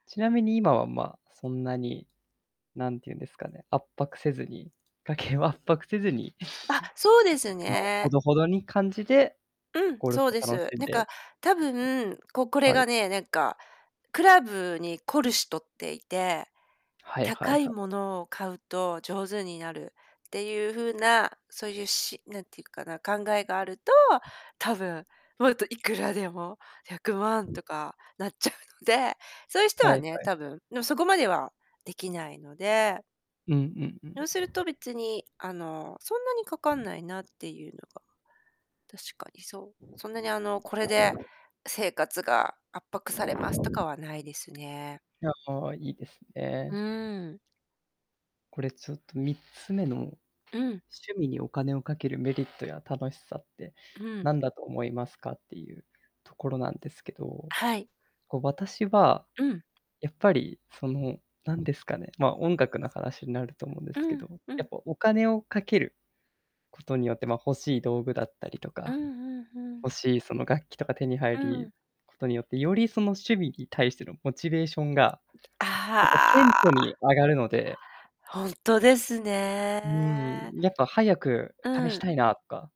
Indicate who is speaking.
Speaker 1: ちなみに今はま、そんなに、なんていうんですかね、圧迫せずに家計を圧迫せずに、
Speaker 2: あっ、そうです
Speaker 1: あの、ほ
Speaker 2: ね。
Speaker 1: どほどに感じで、
Speaker 2: うん、
Speaker 1: ゴルフ
Speaker 2: そう
Speaker 1: を
Speaker 2: で
Speaker 1: 楽
Speaker 2: す。
Speaker 1: しん
Speaker 2: なん
Speaker 1: で、
Speaker 2: か多分、ここ れ
Speaker 1: は
Speaker 2: が
Speaker 1: い。
Speaker 2: ね、何かクラブに凝るしとっていて、
Speaker 1: はいは
Speaker 2: 高
Speaker 1: い
Speaker 2: い
Speaker 1: は
Speaker 2: も
Speaker 1: い。
Speaker 2: のを買うと上手になるっていう風な、そういうし何て言うかな、考えがあると、
Speaker 1: うん。
Speaker 2: 多分、もっといくらでも100万 とかなっちゃうので、そういう人
Speaker 1: はいは
Speaker 2: は
Speaker 1: い
Speaker 2: ね、
Speaker 1: は
Speaker 2: 多
Speaker 1: い。
Speaker 2: 分、のそこまではできないので。
Speaker 1: うんうんうん。
Speaker 2: ようすると 別に、あの、そんなにかかんないなっていうのが、確かに、そう、そんなにあの、これで、生活が圧迫されますとか はないですね。
Speaker 1: いや、ああ、いいです
Speaker 2: う
Speaker 1: ね。
Speaker 2: ん。
Speaker 1: これちょっと3つ目の、
Speaker 2: うん。
Speaker 1: 趣味にお金をかけるメリットや楽しさって
Speaker 2: うん。
Speaker 1: なんだと思いますか？っていうところなんですけど、
Speaker 2: はい。
Speaker 1: こう、私は、
Speaker 2: うん。
Speaker 1: やっぱりその、なんですかね、ま、音楽の話になると思うんで
Speaker 2: う
Speaker 1: すけ
Speaker 2: ん、
Speaker 1: ど、
Speaker 2: う
Speaker 1: やっ
Speaker 2: ん。
Speaker 1: ぱお金をかけることによって、まあ、欲しい道具だったりと
Speaker 2: うん
Speaker 1: か、
Speaker 2: うん、ふん。
Speaker 1: 欲しいその、楽器とか手に入
Speaker 2: うん。
Speaker 1: りことによって、よりその趣味に対してのモチベーションが、やっぱ顕
Speaker 2: あ
Speaker 1: 著に
Speaker 2: あ。
Speaker 1: 上がるので。
Speaker 2: ほんとです
Speaker 1: うん、う
Speaker 2: ね。
Speaker 1: ん、やっぱ早く
Speaker 2: う
Speaker 1: 試し
Speaker 2: ん。
Speaker 1: たいなとか